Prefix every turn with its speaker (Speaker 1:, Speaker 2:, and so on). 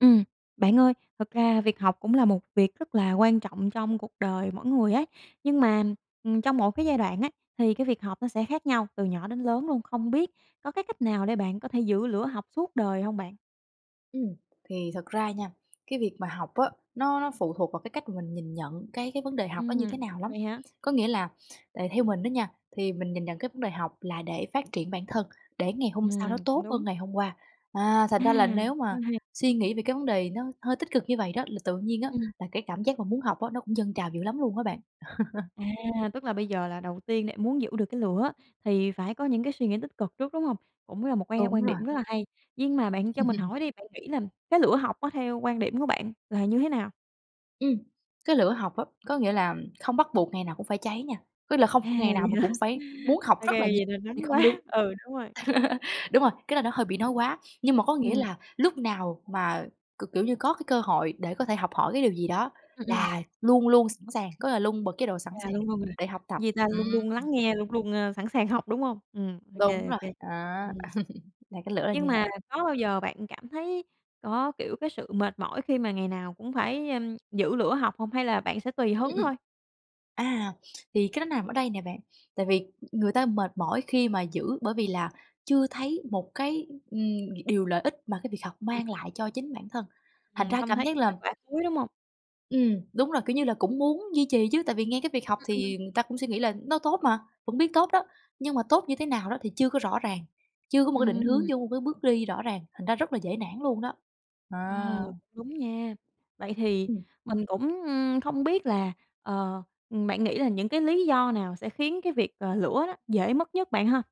Speaker 1: Ừm, bạn ơi, thực ra việc học cũng là một việc rất là quan trọng trong cuộc đời mỗi người ấy, nhưng mà, ừm, trong mỗi cái giai đoạn á thì cái việc học nó sẽ khác nhau, từ nhỏ đến lớn luôn. Không biết có cái cách nào để bạn có thể giữ lửa học suốt đời hông bạn?
Speaker 2: Ừm, thì thật ra nha, cái việc mà học á nó nó phụ thuộc vào cái cách mà mình nhìn nhận cái cái vấn đề học đó như thế
Speaker 1: Ừm,
Speaker 2: nào lắm.
Speaker 1: vậy hả?
Speaker 2: Có nghĩa là, tại theo mình đó nha, thì mình nhìn nhận cái vấn đề học là để phát triển bản thân, để ngày hôm sau nó
Speaker 1: Ừm,
Speaker 2: tốt
Speaker 1: đúng.
Speaker 2: hơn ngày hôm qua. À,
Speaker 1: À,
Speaker 2: thành ra là nếu
Speaker 1: quá
Speaker 2: mà
Speaker 1: hay!
Speaker 2: suy nghĩ về cái vấn đề nó hơi tích cực như vậy đó, là tự nhiên á
Speaker 1: Ừm.
Speaker 2: là cái cảm giác mà muốn học á nó cũng dâng trào dữ lắm luôn á bạn.
Speaker 1: À, tức là bây giờ là đầu tiên để muốn giữ được cái lửa thì phải có những cái suy nghĩ tích cực trước, đúng hông? Cũng là một cái
Speaker 2: Đúng
Speaker 1: quan
Speaker 2: rồi.
Speaker 1: điểm rất là hay. Nhưng mà bạn cho mình hỏi đi, bạn nghĩ là cái lửa học á, theo quan điểm của bạn là như thế nào?
Speaker 2: Ừm, cái lửa học á, có nghĩa là không bắt buộc ngày nào cũng phải cháy nha. Tức là không
Speaker 1: À,
Speaker 2: ph ngày nào
Speaker 1: vậy
Speaker 2: mình
Speaker 1: hả?
Speaker 2: cũng phải muốn học
Speaker 1: Ô
Speaker 2: rất
Speaker 1: kê,
Speaker 2: là nhì
Speaker 1: vậy [unintelligible]
Speaker 2: thì không đúng.
Speaker 1: quá ừ, đúng rồi.
Speaker 2: Đúng rồi, cái là nó hơi bị nói quá, nhưng mà có nghĩa
Speaker 1: Ừm.
Speaker 2: là lúc nào mà, k kiểu như, có cái cơ hội để có thể học hỏi cái điều gì đó
Speaker 1: Ừm, ừm.
Speaker 2: là luôn luôn sẵn sàng, có nghĩa là luôn bật chế độ sẵn
Speaker 1: À,
Speaker 2: sàng
Speaker 1: luôn luôn rồi.
Speaker 2: để học tập.
Speaker 1: Vì ta luôn luôn
Speaker 2: Ừm.
Speaker 1: lắng nghe, luôn luôn, ơ, sẵn sàng học, đúng hông? Ừm, ô kê,
Speaker 2: Đúng
Speaker 1: ô
Speaker 2: rồi,
Speaker 1: kê,
Speaker 2: á,
Speaker 1: ừ.
Speaker 2: là cái lửa là
Speaker 1: Nhưng
Speaker 2: như
Speaker 1: mà
Speaker 2: vậy.
Speaker 1: có bao giờ bạn cảm thấy có, kiểu, cái sự mệt mỏi khi mà ngày nào cũng phải, ừm, giữ lửa học hông, hay là bạn sẽ tùy
Speaker 2: Ưm,
Speaker 1: hứng
Speaker 2: ừm.
Speaker 1: thôi?
Speaker 2: À, thì cái đó nằm ở đây nè bạn, tại vì người ta mệt mỏi khi mà giữ bởi vì là chưa thấy một cái, ừm, điều lợi ích mà cái việc học
Speaker 1: Ừm.
Speaker 2: mang lại cho chính bản thân, thành
Speaker 1: Ừm,
Speaker 2: ra
Speaker 1: không
Speaker 2: cảm
Speaker 1: thấy
Speaker 2: giác
Speaker 1: cái
Speaker 2: là
Speaker 1: kết quả cuối, đúng hông?
Speaker 2: Ừm, đúng rồi. Kiểu như là, cũng muốn duy trì chứ, tại vì nghe cái việc học
Speaker 1: Ừm, ừm.
Speaker 2: thì người ta cũng suy nghĩ là nó tốt mà, vẫn biết tốt đó, nhưng mà tốt như thế nào đó thì chưa có rõ ràng, chưa có một cái định hướng,
Speaker 1: Ừm.
Speaker 2: chưa có một cái bước đi rõ ràng, thành ra rất là dễ nản luôn đó,
Speaker 1: À,
Speaker 2: à.
Speaker 1: đúng nha. Vậy thì
Speaker 2: Ừm.
Speaker 1: mình cũng, ừm, không biết là, ờ, ừm, bạn nghĩ là những cái lý do nào sẽ khiến cái việc, ờ, lửa đó dễ mất nhất bạn ha?